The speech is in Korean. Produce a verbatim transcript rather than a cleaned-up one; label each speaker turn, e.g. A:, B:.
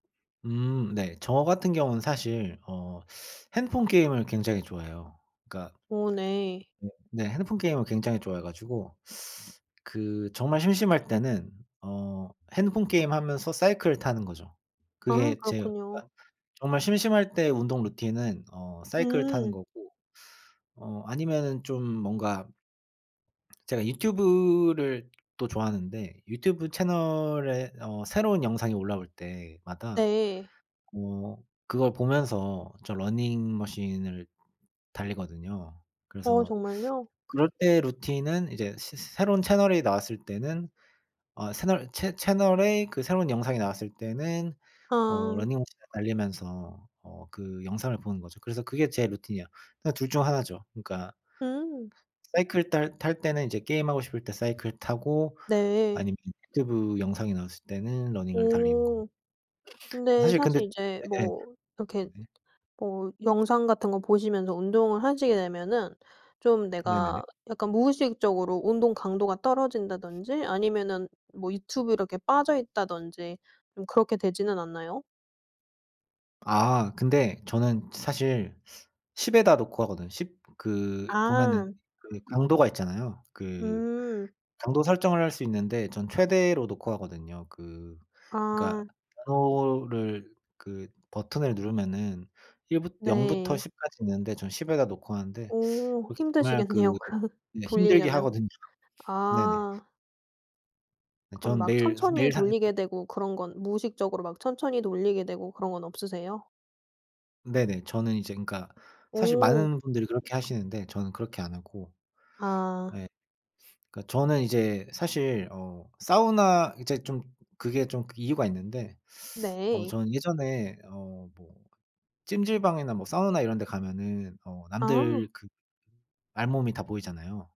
A: 음 네. 저 같은 경우는 사실 어 핸드폰 게임을 굉장히 좋아해요. 그러니까
B: 오 네.
A: 네, 핸드폰 게임을 굉장히 좋아해 가지고 그 정말 심심할 때는 어 핸드폰 게임 하면서 사이클을 타는 거죠.
B: 아
A: 그게 제가
B: 그렇군요.
A: 정말 심심할 때 운동 루틴은 어 사이클을 타는
B: 음.
A: 거고 어 아니면은 좀 뭔가 제가 유튜브를 또 좋아하는데 유튜브 채널에 어 새로운 영상이 올라올 때마다
B: 네.
A: 어 그걸 보면서 저 러닝머신을 달리거든요.
B: 어
A: 그래서
B: 정말요?
A: 그럴 때 루틴은 이제 새 새로운 채널이 나왔을 때는 어 새널 채 채널에 그 새로운 영상이 나왔을 때는 어
B: 아.
A: 러닝머신을 달리면서 어 그 영상을 보는 거죠. 그래서 그게 제 루틴이야. 그러니까 둘 중 하나 죠. 그러니까
B: 응.
A: 사이클 탈 탈 때는 이제 게임하고 싶을 때 사이클 타고
B: 네.
A: 아니면 유튜브 영상이 나왔을 때는 러닝을 달리는
B: 오.
A: 겁니다.
B: 근데
A: 사실 근데
B: 사실 이제
A: 네.
B: 뭐 이렇게
A: 네.
B: 뭐 영상 같은 거 보시면서 운동을 하시게 되면은 좀
A: 네네네.
B: 내가 약간 무의식적으로 운동강도가 떨어진다든지 아니면은 뭐 유튜브 이렇게 빠져있다든지 좀 그렇게 되지는 않나요?
A: 아 근데 저는 사실 십 에다 놓고 하거든, 십 그 보면은
B: 아.
A: 그 강도가 있잖아요. 그
B: 음.
A: 강도 설정을 할 수 있는데 전 최대로 놓고 하거든요. 그 그러니까
B: 아.
A: 번호를 그 버튼을 누르면은 일 부 영 부터
B: 네.
A: 십 까지 있는데 전 십 에다 놓고 하는데
B: 오.
A: 그렇게 정말 그
B: 힘드시겠네요. 그
A: 이게 힘들게
B: 돌리려면.
A: 하거든요. 네네.
B: 아. 그럼
A: 저는
B: 막
A: 매일 가서
B: 천천히
A: 매일 사십 분
B: 돌리게 되고 그런 건 무의식적으로 막 천천히 돌리게 되고 그런 건 없으세요?
A: 네네. 저는 이제 그러니까 사실
B: 어.
A: 많은 분들이 그렇게 하시는데 저는 그렇게 안 하고.
B: 아.
A: 네. 그러니까 저는 이제 사실 어 사우나 이제 좀 그게 좀 이유가 있는데 어
B: 네.
A: 저는 예전에 어 뭐 찜질방이나 뭐 사우나 이런 데 가면은 어 남들
B: 아.
A: 그 알몸이 다 보이잖아요.